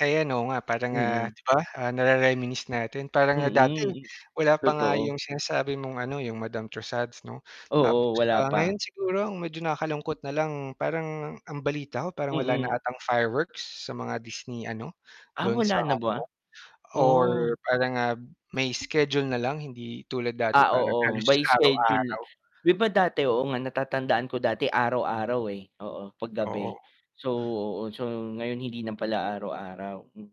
Ayan, oo, nga parang, ah, Mm. di ba, ah, nare-reminisce natin, parang nga dati Mm, m wala pa nga totoo. yung sinasabi mong ano, yung Madame Tussauds 'no? Tapos, Oo, wala ah, pa. ngayon siguro ang medyo nakakalungkot na lang, parang ang balita ko, parang wala na Mm. atang fireworks sa mga Disney ano, Ah, dun sa wala na Hong ba? Kong or Oo. parang, ah, may schedule na lang hindi tulad dati Ah, parang oo, halos by schedule. araw-araw. 'Di ba dati, oo nga, natatandaan ko dati araw-araw, eh. Oo, 'pag gabi. Oo. So, oo, so, ngayon hindi na pala araw-araw, mm.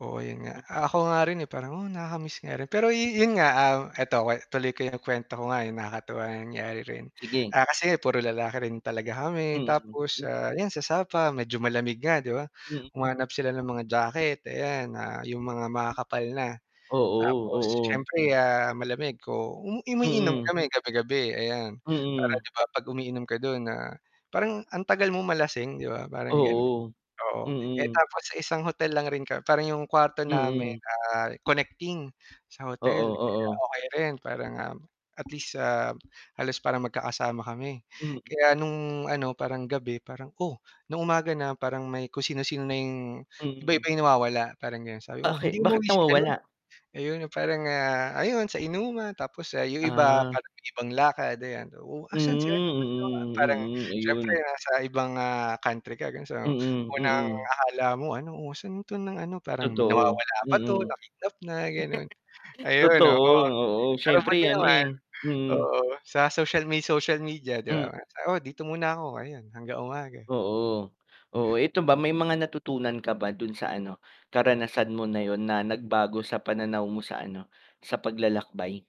Oo, yun nga. Hmm Ah, ako nga rin, eh, parang, "Oh, nakakamiss nga rin." Pero yu yun nga, ah, eto wa tuloy ko yung kwento ko nga, eh, nakakatuwa yung nangyari rin. Sige. Ah, kasi puro lalaki rin talaga kami Mm, tapos, mm. ah, yan sa Sapa medyo malamig nga 'di ba, Mm. humanap sila ng mga jacket, ayan, ah, yung mga makakapal na. Oo, Tapos oo. siyempre, ah, malamig ko u umiinom Mm. kami, gabi-gabi ayan. Para Mm. 'di ba, 'pag umiinom ka dun, ah, parang ang tagal mong malasing 'di ba, parang ganon. Oo. Oo, eh, Mm. tapos sa isang hotel lang rin kam parang yung kuwarto namin, Mm. ah, connecting, sa Oo, hotel. So oo. okey rin parang, um, at least, ah, halos parang magkakasama kami. Hmm. Kaya nung ano, parang gabi parang oh, nung umaga na, parang may kung sino-sino na yung Hmm. iba-iba yung nawawala, parang ganon. Sabi, "Oh, hindi Bake bakit umuwi si ano." nawawala? ayun yung parang, ah, ayon sa inuman. Tapos, ah, yung iba, Ah. parang may ibang lakad, ayan, "Oh, Hmm, asan si ano, ba't nawa" parang mm, mm, siyempre ayun. nasa ibang, ah, country ka, ganon. So Mm, unang mm. akala mo ano, "Oh, san 'to ng ano?" parang, Totoo, "Nawawala ba 'to, mm. na-kidnap na." ganon. Ayun, oo. Totoo, oo, Pero buti siyempre ano, naman eh hmm. oo, sa social may social media 'di Hmm. ba nga? Sa "Oh, dito muna ako." ayon, hanggang umaga. Oo. Oo, eto ba, may mga natutunan ka ba dun sa ano, karanasan mo na yun na nagbago sa pananaw mo sa ano, sa paglalakbay?